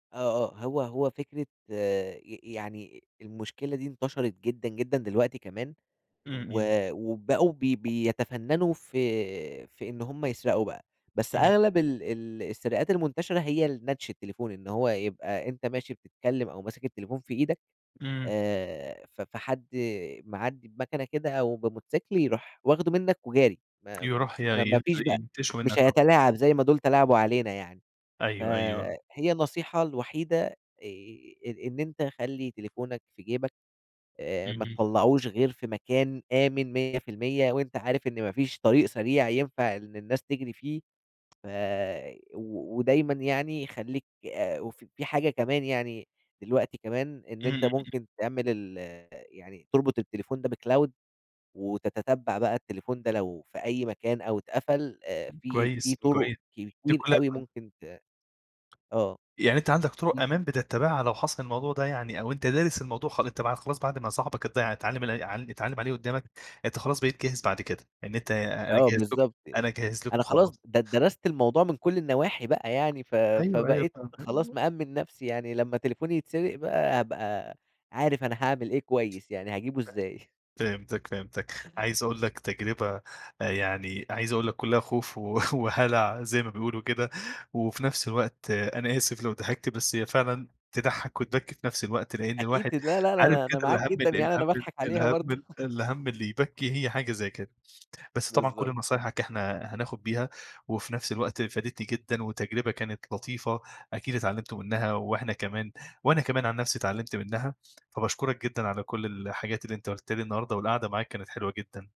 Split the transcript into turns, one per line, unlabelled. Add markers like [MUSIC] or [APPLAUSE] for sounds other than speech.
آه، آه، هو هو فكرة ي يعني المشكلة دي انتشرِت جدًا، جدًا، دلوقتي كمان
إمم
و
إمم.
وبقوا بي بيتفنّنوا في في إن هُم يسرقوا بقى، بس
إمم.
أغلَب ال ال السرقات المنتشرة هي ال نَتش التليفون، إن هو يبقى أنت ماشي بتتكلّم أو ماسك التليفون في إيدك
إمم.
آآ، ف فحد معدّي بمكنة كده أو بموتوسيكل يرُوح واخدُه منك وجاري، ما
يرُوح ي
ما ما
ينت
فيش بقى
ينتِشُه
مش
منك، آه.
هيتلاعب زي ما دول تلاعبوا علينا يعني، ف
أيوه، أيوه.
هي النصيحة الوحيدة آآ، إ إن أنت خلِّ تليفونك في جيبك آآ، ما
اهم.
تطلّّعهوش غير في مكان آمِن 100 % وأنت عارف إن ما فيش طريق سريع ينفَع إن الناس تجرِي فيه، ف و ودايمًا يعني خلّيك آآ، ف في حاجة كمان يعني دلوقتي كمان إن
إمم.
أنت
إمم.
ممكن تعمل ال يعني تربُط التليفون ده بcloud وتتتبّع بقى التليفون ده لو في أي مكان أو اتقفَل آآ في في
كويس،
طُرق
كويس. دي
كتير
كلّها
أوي
[UNINTELLIGIBLE]
ممكن ت آه،
يعني أنت عَندك
في
طُرُق أمان بتّتبعها لو حصَل الموضوع ده يعني أو أنت دارِس الموضوع خ خلاص بعد ما صاحبك اتض اتعلّم ال ع اتعلّم عليه قُدّامك، أنت خلاص بقيت جاهز بعد كد، ه يعني أنت أنا
آه
جاهز لكم،
بالضبط
أنا
يعني،
جاهز لكم
أنا خلاص
خالص.
د درَست الموضوع من كل النواحي بقى يعني ف
أيوه، أيوه،
فبقيت
فاهم،
خلاص
أيوه.
مأمِّن نفْسي يعني، لما تليفوني يتسرَق بقى هابقى عارف أنا هاعمل إيه كويس، يعني هاجيبه
ف
إزاي [CHUCKLES]
فهمتك فهمتك. عايز أقول لك تجربة يعني عايز أقول لك كلّها خوف و [CHUCKLES] وهلَع زي ما بيقولوا كده وفي نفس الوقت أنا آسف لو ضحِكت بس هي فعلًا تضحّك وتبكّي في نفس الوقت، لأن
أكيد،
الواحد
لا، لا،
عارف
لا،
كده
أنا معاك
الهم
جدًا
ال
يعني،
الهَم
أنا باضحَك عليها برضه
الهَم
[GIGGLES]
الهَم اللي يبكّي هي حاجة زي كده. بس طبعًا كل
بالضبط.
نصايحك إحنا هناخد بيها وفي نفس الوقت فادتني جدًا وتجربة كانت لطيفة أكيد اتعلمتوا منها وإحنا كمان وأنا كمان عن نفْسي اتعلّمت منها. فباشكرك جدًا على كلّ الحاجات اللي أنت قلتها لي النهارده والقعدة معاك كانت حلوة جدًا.